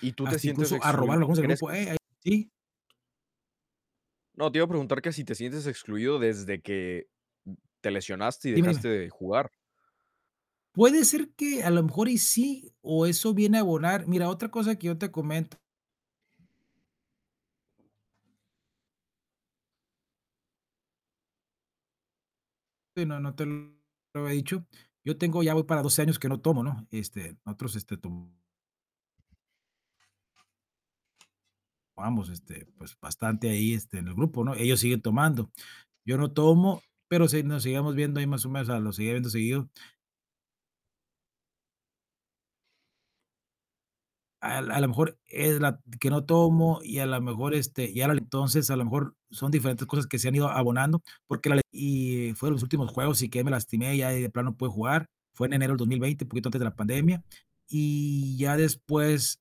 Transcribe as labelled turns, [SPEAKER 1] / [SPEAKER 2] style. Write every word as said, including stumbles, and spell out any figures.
[SPEAKER 1] Y tú te
[SPEAKER 2] Hasta
[SPEAKER 1] sientes
[SPEAKER 2] incluso a robar
[SPEAKER 1] exclui
[SPEAKER 2] algunos del
[SPEAKER 1] ¿crees
[SPEAKER 2] grupo.
[SPEAKER 1] que te s?
[SPEAKER 2] Eh, ¿sí?
[SPEAKER 1] No, te iba a preguntar que si te sientes excluido desde que te lesionaste y
[SPEAKER 2] Dime,
[SPEAKER 1] dejaste
[SPEAKER 2] dime
[SPEAKER 1] de jugar.
[SPEAKER 2] Puede ser que a lo mejor y sí o eso viene a abonar Mira, otra cosa que yo te comento Sí, no, no te lo había dicho. Yo tengo ya voy para doce años que no tomo, ¿no? Este, nosotros, este, tomábamos, este, pues, bastante ahí, este, en el grupo, ¿no? Ellos siguen tomando. Yo no tomo, pero se nos seguíamos viendo ahí más o menos, o sea, los seguía viendo seguido. A a la mejor es la que no tomo y a la mejor, este, y ahora entonces, a lo mejor son diferentes cosas que se han ido abonando, porque la y fueron los últimos juegos y que me lastimé ya y de plano no pude jugar. Fue en enero del dos mil veinte un poquito antes de la pandemia. Y ya después